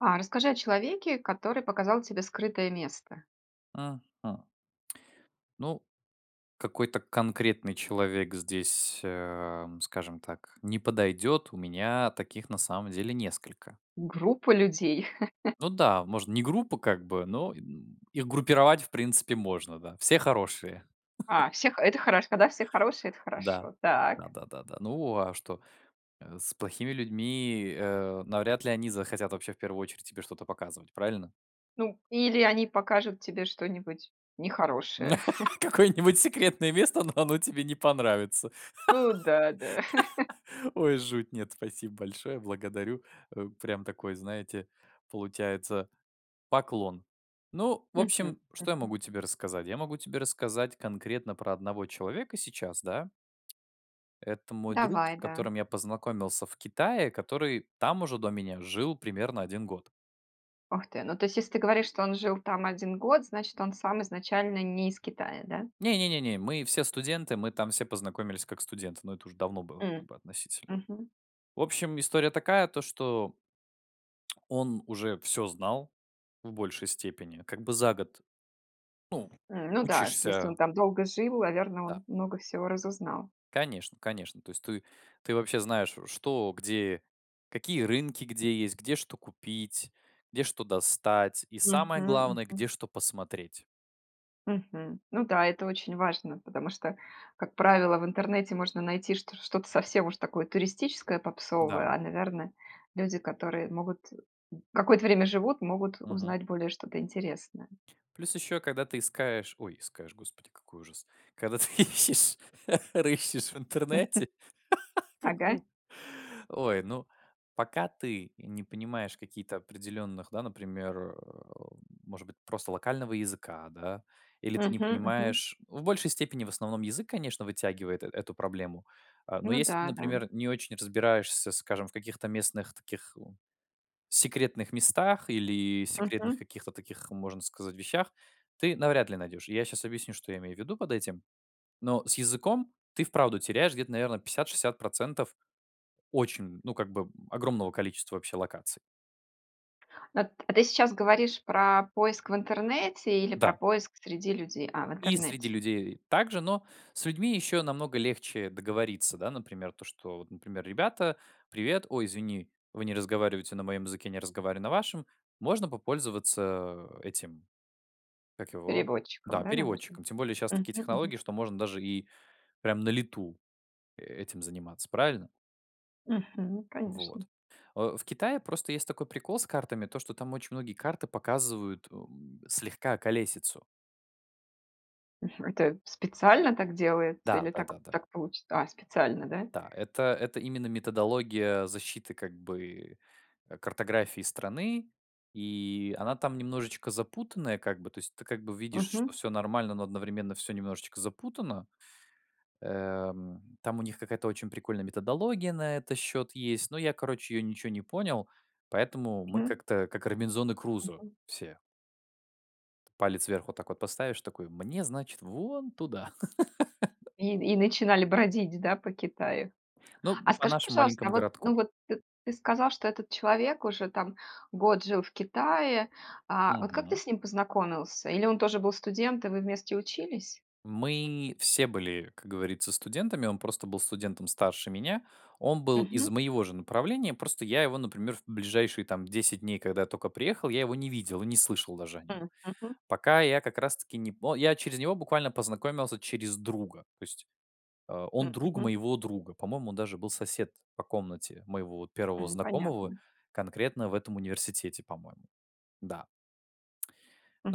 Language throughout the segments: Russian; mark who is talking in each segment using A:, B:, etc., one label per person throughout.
A: А расскажи о человеке, который показал тебе скрытое место.
B: Мгм. Ну, какой-то конкретный человек здесь, ам, скажем так, не подойдет. У меня таких на самом деле несколько.
A: Группа людей.
B: Ну да, можно не группу как бы, но, м, их группировать в принципе можно, да. Все хорошие.
A: А, всех. Это хорошо, да, все хорошие, это
B: Да.
A: хорошо. Так.
B: Да-да-да, да. Ну а что, э, с плохими людьми, э, навряд ли они захотят вообще в первую очередь тебе что-то показывать правильно?
A: Ну или они покажут тебе что-нибудь нехорошее.
B: Какое-нибудь секретное место, но оно тебе не понравится.
A: Ну да, да.
B: Ой, жуть, нет, спасибо большое, благодарю, э, прям такой, знаете, получается поклон. Ну, в
A: Мгм,
B: общем, что я
A: мгм.
B: могу тебе рассказать? Я могу тебе рассказать конкретно про одного человека сейчас, да? Это мой друг, с
A: Давай, да.
B: которым я познакомился в Китае, который там уже до меня жил примерно 1 год.
A: Ух ты, ну, то есть, если ты говоришь, что он жил там 1 год, значит, он сам изначально не из Китая, да?
B: Не не не не, мы все студенты, мы там все познакомились как студенты, но это уже давно было,
A: М,
B: по относительно.
A: мгм.
B: В общем, история такая, то, что ...он уже всё знал в большей степени. Как бы за год. Ну,
A: М, ну да, если
B: учишься.
A: он там долго жил, наверно,
B: Да.
A: он много всего разузнал.
B: Конечно конечно. То есть ты ты вообще знаешь, э: что, где, какие рынки где есть, где что купить, где что достать и, самое
A: Мгм,
B: главное,
A: мгм.
B: где что посмотреть.
A: Мгм, ну да, это очень важно, потому что, как правило, в интернете можно найти что что-то совсем уж такое туристическое,
B: Да.
A: попсовое. А, наверно, люди, которые могут, м, какое-то время живут, могут
B: Мгм.
A: узнать более что-то интересное.
B: Плюс ещё, когда ты искаешь, ой, искаешь. Господи, какой ужас! Когда ты ищешь, рыщешь в интернете какой
A: Ага.
B: Ой, ну, пока ты не понимаешь каких-то определенных, да, например, э, может быть, просто локального языка, да, или ты не
A: Мгм мгм.
B: понимаешь В большей степени, в основном, язык, конечно, вытягивает э эту проблему. А, но
A: Ну
B: если ты,
A: да-да.
B: например, не очень разбираешься, скажем, в каких-то местных таких, у секретных местах или секретных
A: Мгм.
B: каких-то таких, можно сказать, вещах, ты навряд ли найдёшь. Я щас объясню, что я имею в виду под этим. Но с языком ты вправду теряешь где-то, наверное, 50-60 % очень, ну, как бы, огромного количества вообще локаций.
A: А т а ты сейчас говоришь про поиск в интернете или про
B: Да.
A: поиск среди людей? А, в
B: И среди
A: интернете.
B: людей также, но с людьми ещё намного легче договориться. Да, например, то, что, вот, например: "Ребята, привет. Ой, извини, вы не разговариваете на моем языке, я не разговариваю на вашем. Можно попользоваться этим, как его?
A: Переводчиком.
B: Да,
A: Да, наверно?
B: переводчиком". Тем более щас
A: Мгм
B: такие технологии,
A: мгм.
B: что можно даже и прям на лету, этим заниматься, правильно?
A: Мгм, конечно.
B: Вот, э, в Китае просто есть такой прикол с картами то, что там очень многие карты показывают, эм, слегка околесицу.
A: Мгм, это специально так делается
B: Да,
A: или так
B: да-да-да.
A: так получи А, специально, да?
B: Да, это это именно методология защиты как бы, а, картографии страны. И она там немножечко запутанная, как бы, то есть ты как бы видишь, что
A: Мгм.
B: всё нормально, но одновременно всё немножечко запутано. Эм, там у них какая-то очень прикольная методология на этот счет есть, но я, короче, её ничего не понял, поэтому мы
A: Мгм.
B: как-то как Робинзоны Крузо
A: Мгм.
B: все. Палец вверх вот так вот поставишь, такой: "Мне, значит, вон туда". Да.
A: И и начинали бродить, да, по Китаю?
B: Ну,
A: А
B: по
A: скажи,
B: нашему
A: пожалуйста,
B: маленькому
A: вот,
B: городку.
A: ну, вот т ты сказал, что этот человек уже там год жил в Китае, а вот, как ты
B: Мгм.
A: с ним познакомился? Или он тоже был студент и вы вместе учились?
B: Мы все были, как говорится, студентами, он просто был студентом старше меня. Он был из
A: Мгм.
B: моего же направления, просто я его, например, в ближайшие там 10 дней, когда только приехал, я его не видел и не слышал даже о нём.
A: М, мгм.
B: Пока я как раз-таки не по Я через него буквально познакомился через друга. То есть а, он
A: М,
B: друг
A: мгм.
B: моего друга. По-моему, он даже был сосед по комнате моего 1
A: М,
B: знакомого
A: понятно.
B: конкретно в этом университете, по-моему. Да.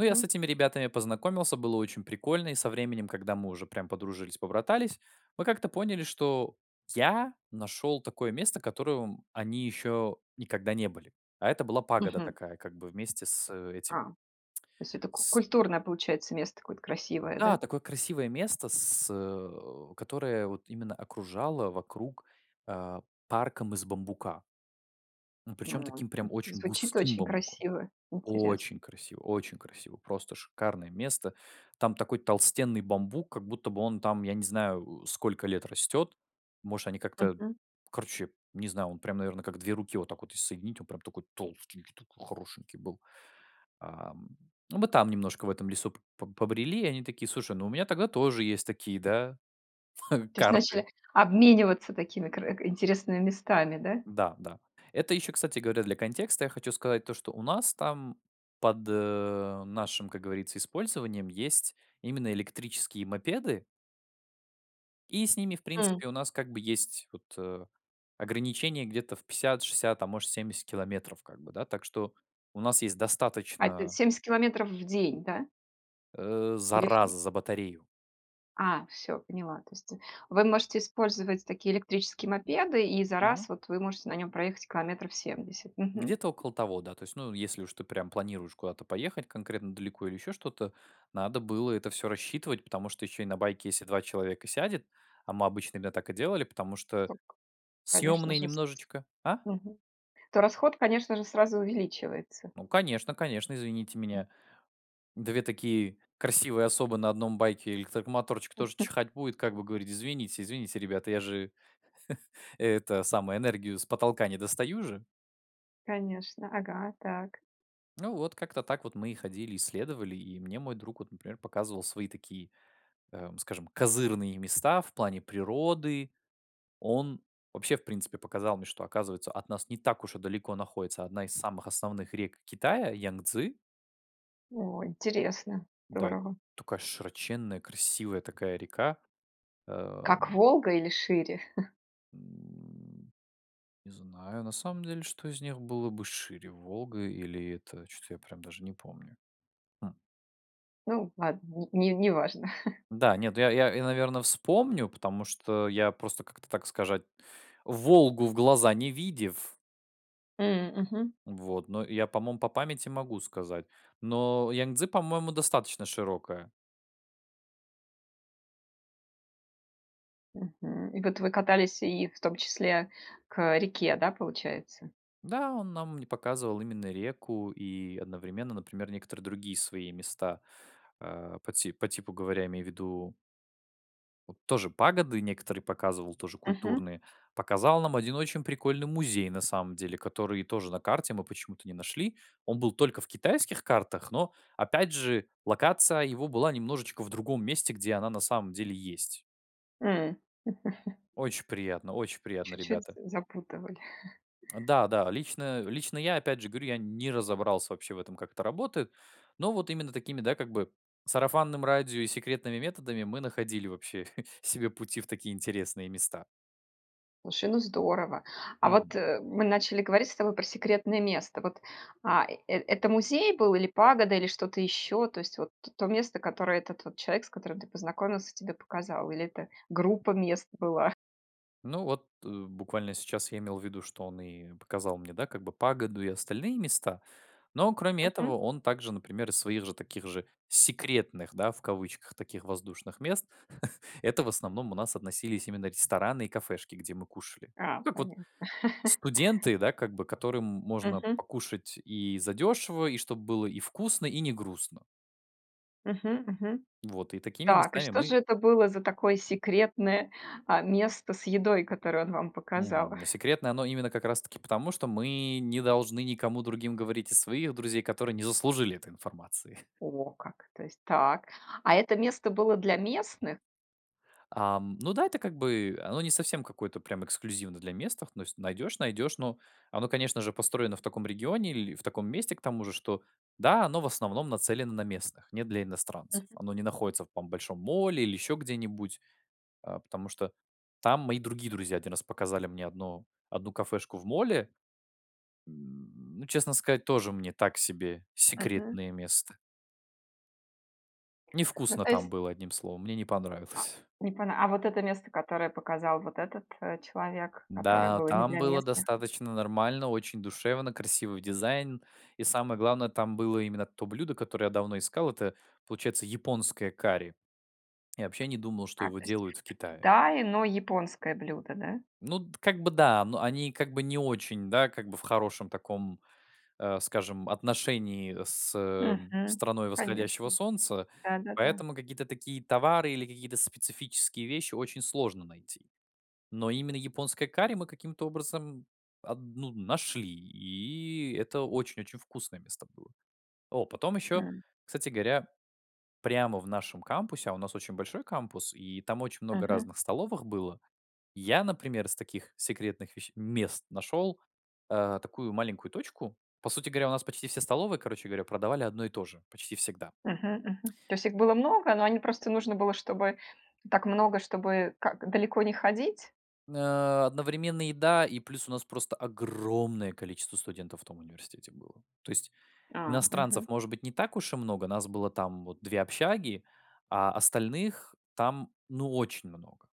B: Ну, я с этими ребятами познакомился, было очень прикольно, и со временем, когда мы уже прям подружились, побратались, мы как-то поняли, что я нашёл такое место, котором они ещё никогда не были. А это была пагода
A: Мгм.
B: такая, как бы вместе с этим
A: А, то есть это к
B: С
A: культурное получается место, какое-то красивое,
B: Да,
A: да?
B: такое красивое место, с, э, которое вот именно окружало вокруг, а, парком из бамбука. И причём
A: Ой,
B: таким
A: ну,
B: прям очень
A: звучит
B: густым
A: очень
B: бамбуком.
A: красиво,
B: Очень
A: интересно.
B: красиво очень красиво, просто шикарное место. Там такой толстенный бамбук, как будто бы он там, я не знаю, э, сколько лет растёт. Может, они как-то,
A: Мгм.
B: короче, не знаю, он прям, наверное, как 2 руки вот так вот соединить, он прям такой толстенький, такой хорошенький был. Ам. Мы там немножко в этом лесу поб побрели, и они такие: "Слушай, ну у меня тогда тоже есть такие, да,
A: То есть
B: карты".
A: начали обмениваться такими кар к интересными местами, да?
B: Да да, это ещё, кстати говоря, для контекста я хочу сказать то, что у нас там под, э, нашим, как говорится, использованием есть именно электрические мопеды и с ними, в
A: М.
B: принципе, у нас как бы есть, вот, э, ограничение где-то в 50-60, а может, 70 километров как бы, да. Так что у нас есть
A: А это
B: достаточно
A: 70 километров в день, да?
B: Э, за
A: Или в
B: раз
A: фи
B: за батарею.
A: А, всё, поняла. То есть вы можете использовать такие электрические мопеды, и за раз,
B: Мгм.
A: вот, вы можете на нем проехать километров 70. Мгм.
B: Где-то около того, да, то есть, ну, если уж ты прям планируешь куда-то поехать конкретно далеко или ещё что-то, надо было это всё рассчитывать. Потому что ещё и на байке если 2 человека сядет, а мы обычно именно так и делали, потому что
A: Ток, конечно
B: съёмные
A: же, с с
B: немножечко А?
A: мгм. То расход, конечно же, сразу увеличивается.
B: Ну, конечно-конечно, извините
A: М.
B: меня, 2 такие красивые особы на 1 байке- электромоторчик тоже
A: Мгм.
B: чихать будет, как бы говорить: "Извините, извините, ребята, я же это самое, энергию с потолка не достаю же".
A: Конечно. Ага, так.
B: Ну, вот как-то так вот мы и ходили, исследовали, и мне мой друг вот, например, показывал свои такие, ам, скажем, козырные места в плане природы. Он вообще в принципе показал мне, что, оказывается, от нас не так уж и далеко находится одна из самых основных рек Китая Янцзы.
A: О, интересно,
B: Да, это
A: здорово!
B: такая широченная, красивая такая река.
A: Как
B: Ам.
A: Волга или шире?
B: М. Не знаю, на самом деле, что из них было бы шире: Волга или это, че то я прям даже не помню. Хм.
A: Ну ладно, не неважно.
B: Да, нет, ну я я я наверное, вспомню, потому что я просто как-то так сказать, Волгу в глаза не видев.
A: М, мгм.
B: Вот, но я по-моему по памяти могу сказать, но Янцзы по моему достаточно широкая.
A: Мгм. И вот вы катались и в том числе к, э, реке, да, получается?
B: Да, он нам не показывал именно реку и одновременно, например, некоторые другие свои места. А по ти по типу говоря, я имею ввиду вот тоже пагоды некоторые показывал, тоже
A: Мгм.
B: культурные. Показал нам один очень прикольный музей, на самом деле, который тоже на карте мы почему-то не нашли. Он был только в китайских картах, но опять же локация его была немножечко в другом месте, где она на самом деле есть.
A: М.
B: Очень приятно, очень приятные
A: Чуть-чуть
B: ребята.
A: з запутывали.
B: Да, да, лично, лично я опять же говорю, я не разобрался вообще в этом, как это работает, но вот именно такими, да, как бы сарафанным радио и секретными методами мы находили вообще себе пути в такие интересные места.
A: Слушай, ну здорово! А вот,
B: Мгм.
A: э, мы начали говорить с тобой про секретное место. Вот, а, э это музей был или пагода, или что-то еще? То есть вот то место, которое этот вот человек, с которым ты познакомился, тебе показал, или это группа мест была?
B: Ну вот, э, буквально сейчас я имел ввиду, что он и показал мне, да, как бы погоду и остальные места, но кроме
A: Мгм.
B: этого он также, например, из своих же таких же секретных да, в кавычках таких воздушных, мест. Это в основном у нас относились именно рестораны и кафешки, где мы кушали.
A: А,
B: Ну как вот
A: понятно.
B: студенты, да, как бы которым можно
A: Мгм.
B: покушать и задешево, и чтоб было и вкусно, и не грустно.
A: Мгм, мгм.
B: Вот и такими
A: Так, и
B: местами
A: что
B: мы
A: же это было за такое секретное, а, место с едой, которое он вам показал?
B: Мгм, ну секретное оно именно как раз таки потому, что мы не должны никому другим говорить из своих друзей, которые не заслужили этой информации.
A: О, как! То есть так. А это место было для местных?
B: Ам, ну да, это как бы, оно не совсем какое-то прямо эксклюзивно для местных, ну если найдешь- найдешь, но оно конечно же построено в таком регионе, или в таком месте к тому же, что да, оно в основном нацелено на местных, не для иностранцев,
A: Мгм.
B: оно не находится в, там, большом молле или еще где-нибудь, а, потому что там мои другие друзья один раз показали мне одно одну кафешку в молле. Ну честно сказать, тоже мне, так себе
A: Мгм.
B: секретное место.
A: Ну
B: Невкусно
A: то
B: там
A: есть
B: было, одним словом. Мне не
A: А
B: понравилось.
A: не пона А вот это место, которое показал вот этот, э, человек? Которое
B: Да,
A: было не
B: там
A: для
B: было
A: местных?
B: достаточно нормально, очень душевно, красивый дизайн. И, самое главное, там было именно то блюдо, которое я давно искал, это получается японское карри. Я вообще не думал, что
A: А,
B: его
A: то есть
B: делают в
A: в
B: Китае.
A: Китае, но японское блюдо, да?
B: Ну д как бы да, но они как бы не очень, да, как бы в хорошем таком, а, скажем, отношении с
A: Мгм.
B: страной восходящего
A: Конечно.
B: солнца.
A: Да-да-да.
B: Поэтому какие-то такие товары или какие-то специфические вещи очень сложно найти. Но именно японское карри мы каким-то образом аб ну, нашли. И это очень-очень вкусное место было. О, потом еще,
A: М.
B: кстати говоря, прямо в нашем кампусе- а у нас очень большой кампус- и там очень много
A: Мгм.
B: разных столовых было. Я, например, из таких секретных веще мест, нашел, а, такую маленькую точку. По сути говоря, у нас почти все столовые, короче говоря, продавали одно и то же почти всегда.
A: Мгм-мгм. То есть их было много, но они просто нужно было, чтобы так много, чтобы как далеко не ходить?
B: А, одновременно еда, и плюс у нас просто огромное количество студентов в том университете было. То есть,
A: А, мгм.
B: иностранцев, может быть, не так уж и много. Нас было там вот 2 общаги, а остальных там, ну, очень много.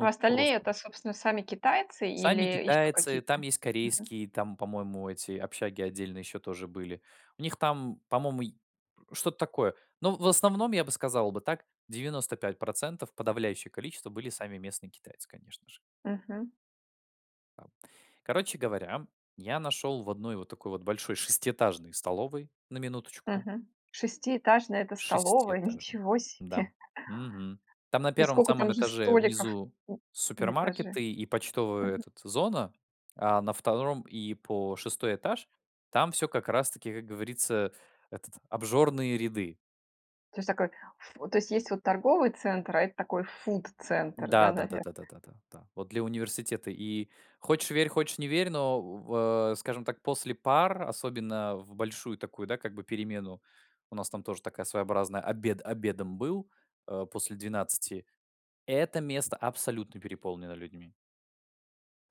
A: А
B: прост
A: остальные это, собственно, сами китайцы
B: Сами
A: или еще
B: китайцы, там
A: какие-то?
B: есть
A: Мгм.
B: корейские, там, по-моему, эти общаги отдельно еще тоже были. У них там, по-моему, й что-то такое. Но, в основном, я бы сказал бы так, 95 %, подавляющее количество были сами местные китайцы, конечно же.
A: Мгм.
B: Короче говоря, я нашел в одной вот такой вот большой шестиэтажной столовой, на минуточку
A: Мгм. Шестиэтажная это столовая,
B: шестиэтажной.
A: ничего
B: Да,
A: себе!
B: мгм. Там на
A: И
B: 1
A: скока там
B: самом
A: же
B: этаже
A: столиков,
B: внизу
A: м, на этаже?
B: супермаркеты и почтовая
A: Мгм.
B: этот зона, а на 2 и по 6 этаж- там всё как раз таки, как говорится, этот "обжорные ряды".
A: То есть такой ф то есть, есть вот торговый центр, а это такой фуд-центр,
B: Да,
A: да, наверное.
B: да-да-да, да-да-да, да, вот для университета и хочешь верь, хочешь не верь, но у в а, скажем так, после пар, особенно в большую такую, да, как бы перемену, у нас там тоже такая своеобразная обед обедом был, а, после 12, это место абсолютно переполнено людьми.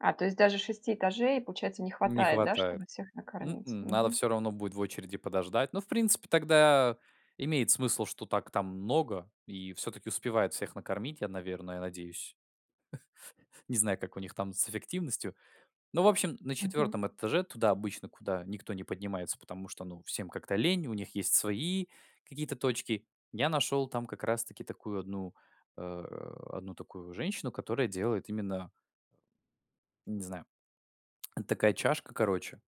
A: А, то есть даже 6 этажей, получается, не
B: Не
A: хватает, да,
B: хватает.
A: чтобы всех накормить,
B: М-м, надо
A: мгм.
B: всё равно будет в очереди подождать, но в принципе тогда имеет смысл, что так там много, и всё-таки успевают всех накормить, я, наверное, надеюсь. Не знаю, как у них там с эффективностью. Ну, в общем, на
A: Мгм.
B: 4 этаже, туда обычно, куда никто не поднимается, потому что, ну, всем как-то лень, у них есть свои какие-то точки. Я нашёл там как раз таки такую одну, э, одну такую женщину, которая делает именно не знаю, это такая чашка, короче,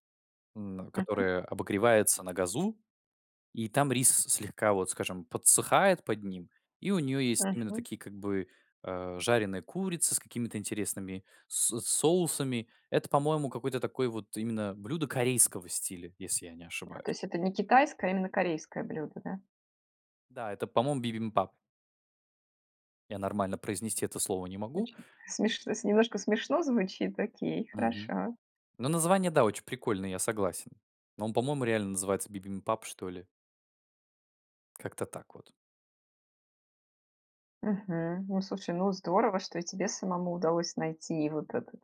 B: м,
A: Мгм.
B: которая обогревается на газу, и там рис слегка вот, скажем, подсыхает под ним, и у неё есть именно
A: Мгм.
B: такие как бы, а, жареные курицы с какими-то интересными с соусами это, по-моему, какое-то такое вот именно блюдо корейского стиля, если я не
A: А, то есть
B: ошибаюсь.
A: это не китайское, а именно корейское блюдо, да?
B: Да, это, по-моему, бибимпаб. Я нормально произнести это слово не могу.
A: Точно, смеш немножко смешно звучит. Окей,
B: Мгм.
A: хорошо.
B: Но название, да, очень прикольное, я согласен. Но он, по-моему, реально называется бибимпаб что ли. Как-то так вот.
A: Мгм. Ну, слушай, ну здорово, что и тебе самому удалось найти, и вот этот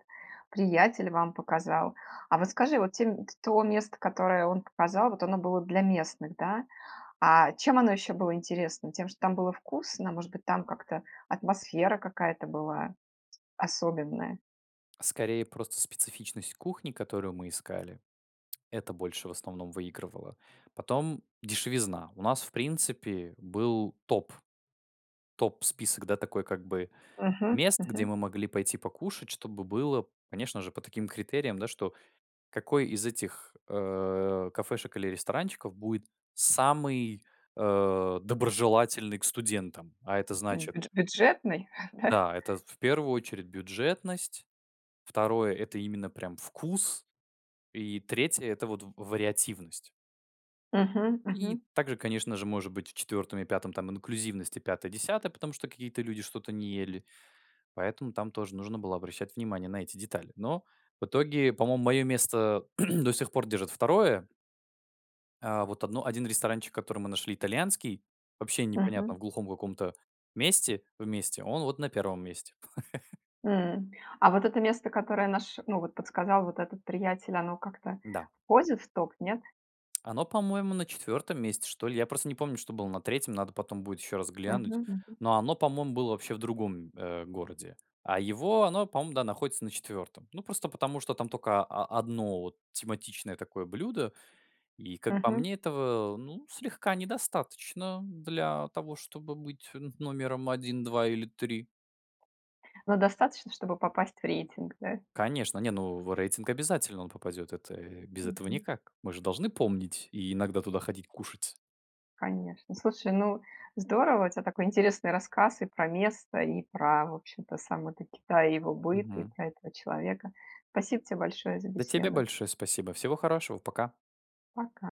A: приятель вам показал. А вот скажи, вот те то место, которое он показал, вот оно было для местных, да? А чем оно ещё было интересно? Тем, что там было вкусно, может быть там как-то атмосфера какая-то была, особенная?
B: Скорее просто специфичность кухни, которую мы искали. Это больше в основном выигрывало. Потом дешевизна. У нас в принципе был топ. Топ-список, да, такой как бы,
A: Мгм,
B: мест, где
A: мгм.
B: мы могли пойти покушать. Чтобы было, конечно же, по таким критериям, да, что какой из этих, э, кафешек или ресторанчиков будет самый, а, доброжелательный к студентам. А это
A: М,
B: значит
A: бюдже бюджетный, да?
B: да, это в 1 очередь бюджетность, второе- это именно, прям вкус, и третье- это вот в вариативность.
A: Мгм,
B: И
A: мгм.
B: также, конечно же, может быть, в четвертом и пятом там инклюзивность, и пятое-десятое, потому что какие-то люди что-то не ели. Поэтому там тоже нужно было обращать внимание на эти детали. Но, в итоге, по-моему, мое место, а, до сих пор держит второе. А вот одно один ресторанчик, который мы нашли, итальянский, вообще непонятно,
A: Мгм.
B: в глухом каком-то месте, вместе, он вот на 1 месте.
A: М. А вот это место, которое наш ну вот подсказал, вот этот приятель, оно как-то
B: Да.
A: входит в топ, нет?
B: Оно, по-моему, на 4 месте, что ли. Я просто не помню, что было на 3, надо потом будет еще раз
A: Мгм,
B: глянуть.
A: мгм.
B: Но оно по-моему было вообще в другом, э, городе. А его, оно по-моему, да, находится на 4. Ну, просто потому, что там только, а а, одно вот тематичное такое блюдо, и как по
A: Мгм.
B: мне, этого, э, ну, слегка недостаточно для того чтобы быть номером 1, 2 или 3.
A: Но достаточно, чтобы попасть в рейтинг, да?
B: Конечно. Не ну в рейтинг обязательно он попадет. Это, э, без этого
A: Мгм.
B: никак. Мы же должны помнить, и иногда туда ходить кушать.
A: Конечно. Слушай, ну здорово, у тя такой интересный рассказ и про место, и про в общем-то сам этот Китай, его быт, и
B: Мгм.
A: про этого человека. Спасибо те большое за
B: Да тебе
A: беседу.
B: большое спасибо, всего хорошего, пока.
A: Пока.